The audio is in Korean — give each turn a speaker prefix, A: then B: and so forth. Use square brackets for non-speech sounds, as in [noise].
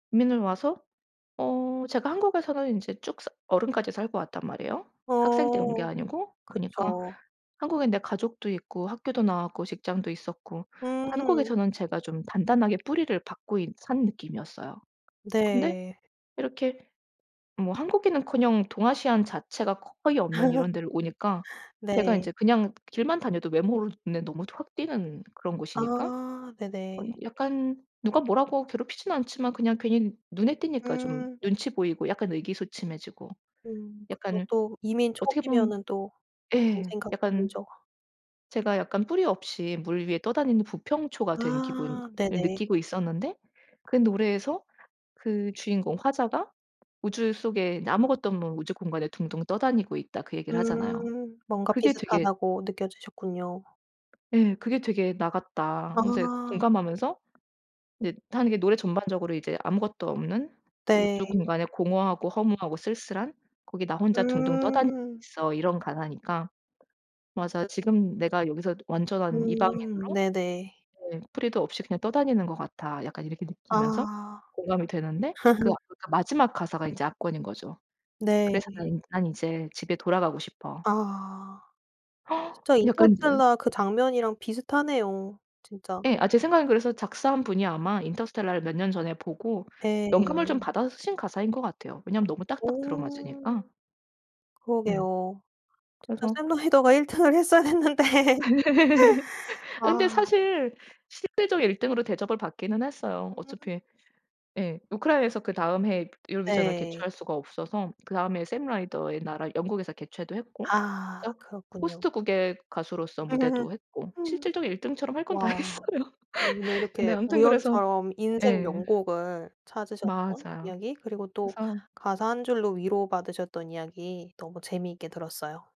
A: 이민을 와서 어 제가 한국에서는 인제 쭉 사 어른까지 살고 왔단 말이에요, 학생 때 온 게
B: 어.
A: 아니고. 그니까
B: 그쵸.
A: 한국엔 내 가족도 있고, 학교도 나왔고, 직장도 있었고 한국에
B: 음.
A: 저는 제가 좀 단단하게 뿌리를 박고 있 산 느낌이었어요. 근데
B: 네.
A: 이렇게 뭐 한국인은커녕 동아시안 자체가 거의 없는
B: [laughs]
A: 이런 데를 오니까 제가
B: 네.
A: 인제 그냥 길만 다녀도 외모로 눈에 너무 확 띄는 그런 곳이니까
B: 아.
A: 어
B: 네네.
A: 약간 누가 뭐라고 괴롭히지는 않지만 그냥 괜히 눈에 띄니까 좀
B: 음.
A: 눈치 보이고 약간 의기소침해지고
B: 음. 그쵸.
A: 약간
B: 또 이민
A: 어떻게 보면
B: 초기면은 또 그런
A: 예.
B: 생각
A: 약간
B: 들죠.
A: 제가 약간 뿌리 없이 물 위에 떠다니는 부평초가 된 기분을
B: 아. 네네.
A: 느끼고 있었는데 그 노래에서 그 주인공 화자가 우주 속에 아무것도 없는 우주 공간에 둥둥 떠다니고 있다 그 얘기를 하잖아요.
B: 음. 뭔가
A: 그게 되게
B: 비슷하다고 느껴지셨군요.
A: 네. 그게 되게 '나 같다.' 하면서 이렇게
B: 아.
A: 공감하면서 네 하는 게 이게 노래 전반적으로 이제 아무것도 없는 우주
B: 네.
A: 공간에 공허하고 허무하고 쓸쓸한 거기 나 혼자 둥둥 떠다니고
B: 음.
A: 있어 이런 가사니까. 맞아. 지금 내가 여기서 완전한
B: 음.
A: 이방인으로
B: 네네.
A: 네 '뿌리도 없이 그냥 떠다니는 것 같아.' 약간 이렇게 느끼면서
B: 아.
A: 공감이 되는데 그 아
B: [laughs]
A: 그러니까 마지막 가사가 이제 압권인 거죠. "그래서
B: 네.
A: 난 이 난 이제 집에 돌아가고 싶어."
B: 아. 진짜
A: [gasps] 약간 이제
B: 인터스텔라 그 장면이랑 비슷하네요, 진짜.
A: 예. 아 제 생각에는 그래서 작사한 분이 아마 인터스텔라를 몇 년 전에 보고 영감을 좀
B: 예.
A: 받아서 쓰신 가사인 것 같아요. 왜냐하면 너무 딱딱
B: 오.
A: 들어맞으니까. 예.
B: 그러게요. 진짜
A: 그래서
B: 샘 라이더가 1 등을 했어야 했는데. [laughs]
A: [laughs]
B: 아.
A: 근데 사실 실질적 1 등으로 대접을 받기는 했어요.
B: 음.
A: 어차피 예. 우크라이나에서 그다음 해에 유로비전을
B: 네.
A: 개최할 수가 없어서 그다음 해에 샘 라이더의 나라 영국에서 개최도 했고
B: 아.
A: 저
B: 그렇군요.
A: 호스트 국의 가수로서 무대도 했고
B: [laughs]
A: 실질적 1 등처럼 할 건 다
B: 와.
A: 했어요.
B: 근데
A: [laughs] 근데
B: 이렇게
A: 아무튼 그래서
B: 우연처럼 인생
A: 예.
B: 명곡을 찾으셨던
A: 맞아요.
B: 이야기 그리고 또
A: 그래서
B: 가사 1 줄로 위로받으셨던 이야기 너무 재미있게 들었어요.